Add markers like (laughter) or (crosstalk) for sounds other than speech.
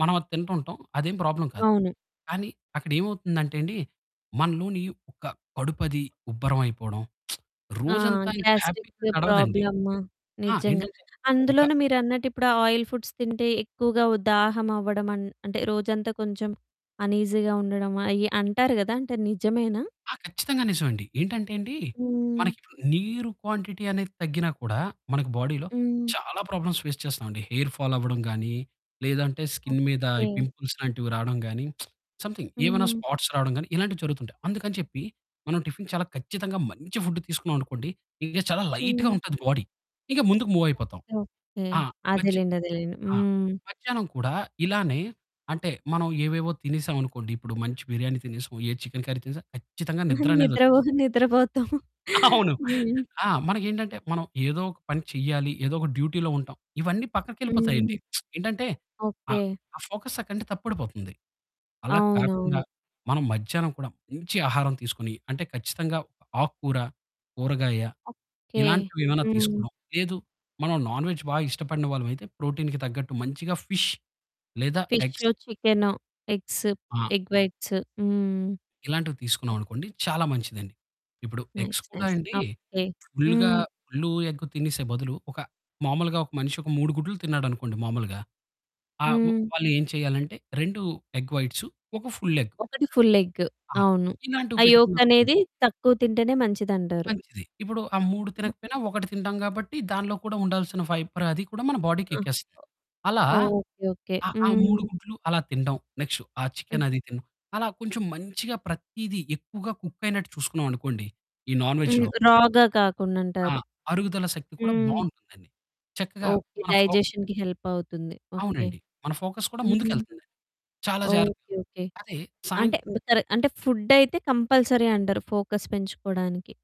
మనం అది తింటుంటాం. అదేం ప్రాబ్లమ్ కాదు. అవును. కానీ అక్కడ ఏమవుతుందంటే అండి. మనలోని ఒక కడుపది ఉబ్బరం అయిపోడం. (smacks lips) ఆ! రోజంతా ఇంక హ్యాపీ‌గా గ్యాస్ట్రికు గడవదండి. ప్రాబ్లము ఆ! నిజంగా. ఏంటంటే ఒక అందులోనూ మీరన్నట్టు ఇప్పుడా ఆయిల్ ఫుడ్స్ తింటే ఎక్కువగా ఉ దాహం అవ్వడం అం అంటే రోజంతా కొంచెం అనీజీగా ఉండడము అయి అంటారు గదా! అంటే నిజమేనా? ఆ! ఖచ్చితంగా నిజం అండి. ఏంటంటే అండి, హ్మ్. మనకిప్పుడు నీరు క్వాంటిటీ అనేది తగ్గినా కూడా మనకి బాడీ‌లో హ్మ్. చాలా ప్రాబ్లమ్స్ ఫేస్ చేస్తామండి. హెయిర్ ఫాల్ అవ్వడం గానీ, లేదంటే స్కిన్ మీద ఓకే. ఈ పింపుల్స్ లాంటివి రాడం గానీ, (smacks lips) సమ్‌థింగ్ ఏవన్నా హ్మ్. స్పాట్స్ రాడం గానీ, ఇలాంటివి జరుగుతుంటాయి. అందుకని చెప్పి మనం టిఫిన్ చాలా ఖచ్చితంగా మంచి ఫుడ్ తీసుకున్నాం అనుకోండి, ఇంక చాలా లైట్‌గా హ్మ్. ఉంటది బాడీ. ఇక ముందుకు మూవ్ అయిపోతాం. ఓకే. ఓకే. ఆ! మధ్య అదేలేండి అదేలేండి. ఆ! హ్మ్. మధ్యాహ్నం కూడా ఇలానే అంటే మనం ఏవేవో తినేసాం అనుకోండి. ఇప్పుడు మంచి బిర్యానీ తినేసొ, ఏ చికెను కర్రీ తినేసొ, ఖచ్చితంగా నిద్ర నిద్రపో అనేదొచ్చేస్తుంది. నిద్రపోతాం. (chuckles) అవును. హ్మ్. ఆ! మనకేంటంటే మనం ఏదో ఒక పని చేయ్యాలి. ఏదో ఒక డ్యూటీలో ఉంటాం. ఇవన్నీ హ్మ్. పక్కకెళ్ళిపోతాయండి. (smacks lips) ఏంటంటే ఆ ఓకే. ఆ ఫోకస్ అక్కడ్నుండి తప్పడిపోతుంది. అలా కాకుండా అవునవును. మనం మధ్యాహ్నం కూడా మంచి ఆహారం తీసుకొని, అంటే ఖచ్చితంగా ఆకుకూర, కూరగాయ ఓకే. ఇలాంటివేవన్నా హ్మ్. తీసుకొడం. లేదు, మనం నాన్ వేజ్ బాగా ఇష్టపడిన వాళ్ళమైతే, ప్రోటీన్‌కి తగ్గట్టు మంచిగా ఫిష్ లేదా ఎగ్స్ ఫిషు, చికెను, ఎగ్స్, ఆ! ఎగ్ వైట్స్ హ్మ్. ఇలాంటివి తీసుకున్నాం ఓహ్! అనుకోండి చాలా మంచిదండి. ఇప్పుడు ఎగ్స్ నైస్ కూడా నైస్ అండి. ఆ! ఓకే. ఫుల్‌గా హ్మ్. ఫుల్లు ఎగ్గు తినేసే బదులు ఒక మామూలుగా ఒక మనిషి ఒక 3 గుడ్లు తిన్నాడనుకోండి మామూలుగా. ఆ! హ్మ్. వాళ్ళేం చేయాలంటే 2 ఎగ్ వైట్సు, ఒక ఫుల్ ఎగ్. 1 ఫుల్ ఎగ్ ఆ! అవును. ఆ ఇలాంటివి యోక్ పెట్టుకున్నాం అనుకొండి. అనేది తక్కువ తింటేనే మంచిదంటారు. మంచిది. ఇప్పుడు ఆ 3 ఓహ్! తినకపోయినా ఒకటి తింటాం కాబట్టి దానిలో కూడా ఉండాల్సిన ఫైబర్ అది కూడా మన ఆ! బాడీకెక్కేస్తది. అలా ఓ ఓకే ఓకే. ఆ! ఆ 3 హ్మ్. గుడ్లు అలా తిండం. నెక్స్టు ఆ హ్మ్. చికెను అది తిన అలా కొంచెం మంచిగా ప్రతీదీ ఎక్కువగా కుక్కయినట్టు చూసుకున్నాం అనుకోండి. ఈ నాన్ హ్మ్. వేజ్‌లో. రా‌గా కాకుండా ఆ! అంటారు. అరుగుదల శక్తి కూడా హ్మ్. బావుంటుందండి. చక్కగా ఓకే. మన ఫో డైజెషన్‌కి హెల్పవుతుంది. ఓకే. అవునండి. మన ఫోకస్ కూడా హ్మ్. ముందుకెళ్తాది. చాలా జాగ్రత్తగా ఓకే ఓకే. అదే సాయం అంటే మొత్తర అంటే ఫుడైతే కంపల్సరీ అంటారు. ఫోకస్ పెంచుకోవడానికి.